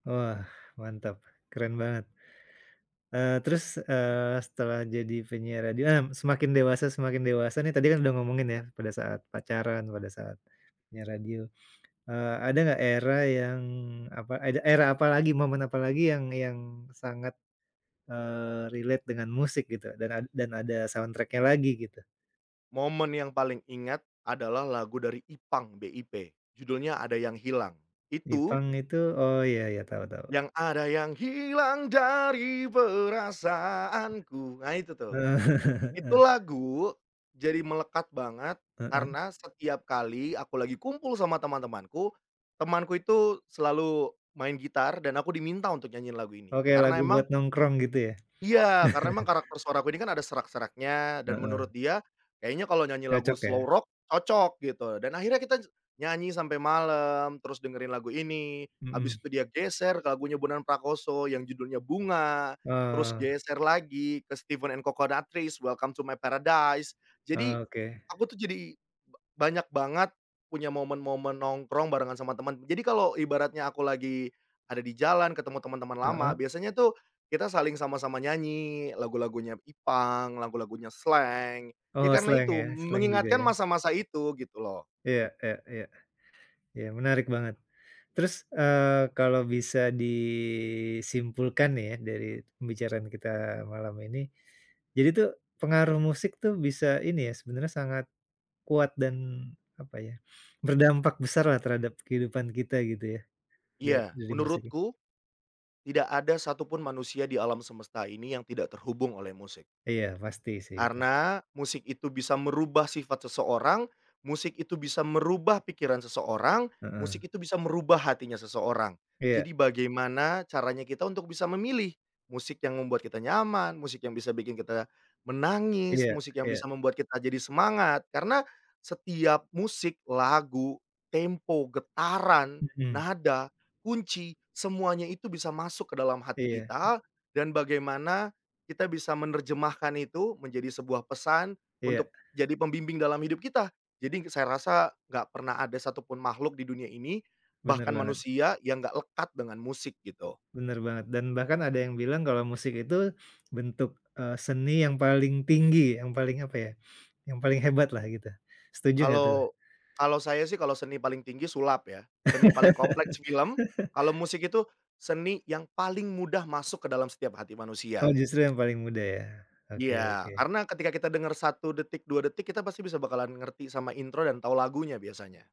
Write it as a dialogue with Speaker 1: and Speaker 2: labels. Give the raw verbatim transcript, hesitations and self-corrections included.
Speaker 1: Wah, mantap. Keren banget. Eee, terus, eee, setelah jadi penyiar radio, ah, semakin dewasa, semakin dewasa nih tadi kan udah ngomongin ya? Pada saat pacaran, pada saat penyiar radio. Eee, ada nggak era yang apa, ada era apa lagi, momen apa lagi yang yang sangat, eee, relate dengan musik gitu, dan ad dan ada soundtrack-nya lagi gitu?
Speaker 2: Momen yang paling ingat, adalah lagu dari Ipang, B-I-P. Judulnya "Ada Yang Hilang". Itu
Speaker 1: Ipang itu Oh, ya, ya. Tahu, tahu.
Speaker 2: Yang ada yang hilang dari perasaanku. Nah, itu tuh. Itu lagu, jadi melekat banget,
Speaker 1: Heeh.
Speaker 2: karena setiap kali aku lagi kumpul sama teman-temanku, temanku itu selalu main gitar, dan aku diminta untuk nyanyi lagu ini.
Speaker 1: Oke,
Speaker 2: Karena
Speaker 1: lagu buat
Speaker 2: emang
Speaker 1: nongkrong, gitu ya?
Speaker 2: iya. Karena memang karakter suara aku ini kan ada serak-seraknya, dan
Speaker 1: Heeh.
Speaker 2: menurut dia kayaknya kalau nyanyi lagu
Speaker 1: Cocok,
Speaker 2: slow
Speaker 1: ya?
Speaker 2: rock cocok, gitu. Dan akhirnya kita j nyanyi sampai malam, terus dengerin lagu ini, habis
Speaker 1: Mhm.
Speaker 2: itu dia geser ke lagunya Bondan Prakoso yang judulnya "Bunga", terus
Speaker 1: Oh.
Speaker 2: geser lagi ke Steven& Coconuttreez, "Welcome to My Paradise". Jadi,
Speaker 1: Oke.
Speaker 2: aku tuh jadi ba banyak banget punya momen-momen nongkrong, barengan sama temen. Jadi kalau ibaratnya aku lagi ada di jalan, ketemu teman-teman lama,
Speaker 1: Heeh.
Speaker 2: biasanya tuh kita saling sama-sama nyanyi lagu-lagunya Ipang, lagu-lagunya Slank. Ya
Speaker 1: Oh,
Speaker 2: karena
Speaker 1: Slank,
Speaker 2: itu,
Speaker 1: ya?
Speaker 2: m
Speaker 1: Slank juga,
Speaker 2: mengingatkan
Speaker 1: ya?
Speaker 2: masa-masa itu, gitu loh.
Speaker 1: Iya, iya, iya. Iya. Menarik banget. Terus, eee, kalau bisa disimpulkan nih, ya, dari pembicaraan kita malam ini. Jadi tuh, pengaruh musik tuh, bisa ini ya, sebenarnya sangat kuat dan, apa ya? Berdampak besarlah, terhadap kehidupan kita, gitu ya? Da
Speaker 2: Iya.
Speaker 1: dari musik ini.
Speaker 2: Menurutku, tidak ada satu pun manusia di alam semesta ini yang tidak terhubung oleh musik.
Speaker 1: Iya. Pasti sih, itu.
Speaker 2: Karena, musik itu bisa merubah sifat seseorang, musik itu bisa merubah pikiran seseorang,
Speaker 1: Heeh.
Speaker 2: musik itu bisa merubah hatinya seseorang.
Speaker 1: Iya.
Speaker 2: Jadi bagaimana caranya kita untuk bisa memilih, musik yang membuat kita nyaman, musik yang bisa bikin kita menangis,
Speaker 1: Iya,
Speaker 2: musik yang bisa
Speaker 1: iya.
Speaker 2: membuat kita jadi semangat. Karena, setiap musik, lagu, tempo, getaran,
Speaker 1: Mhm.
Speaker 2: nada, kunci. Semuanya itu bisa masuk ke dalam hati
Speaker 1: Iya.
Speaker 2: kita, dan bagaimana kita bisa menerjemahkan itu, menjadi sebuah pesan,
Speaker 1: Iya.
Speaker 2: untuk jadi pembimbing dalam hidup kita. Jadi saya rasa, nggak pernah ada satu pun makhluk di dunia ini,
Speaker 1: Benar
Speaker 2: bahkan
Speaker 1: banget.
Speaker 2: manusia, yang nggak lekat dengan musik, gitu.
Speaker 1: Benar banget. Dan bahkan ada yang bilang, kalau musik itu bentuk, e seni yang paling tinggi, yang paling apa ya? Yang paling hebatlah, gitu. Setuju nggak tuh?
Speaker 2: Kalau kalau saya sih kalau seni paling tinggi, sulap ya. Seni paling kompleks, film. Kalau musik itu, seni yang paling mudah masuk ke dalam setiap hati
Speaker 1: Oh,
Speaker 2: manusia.
Speaker 1: justru yang paling mudah, ya? Oke,
Speaker 2: Iya.
Speaker 1: oke.
Speaker 2: Karena ketika kita dengar satu detik, dua detik, kita pasti bisa bakalan ngerti sama intro, dan tahu lagunya biasanya.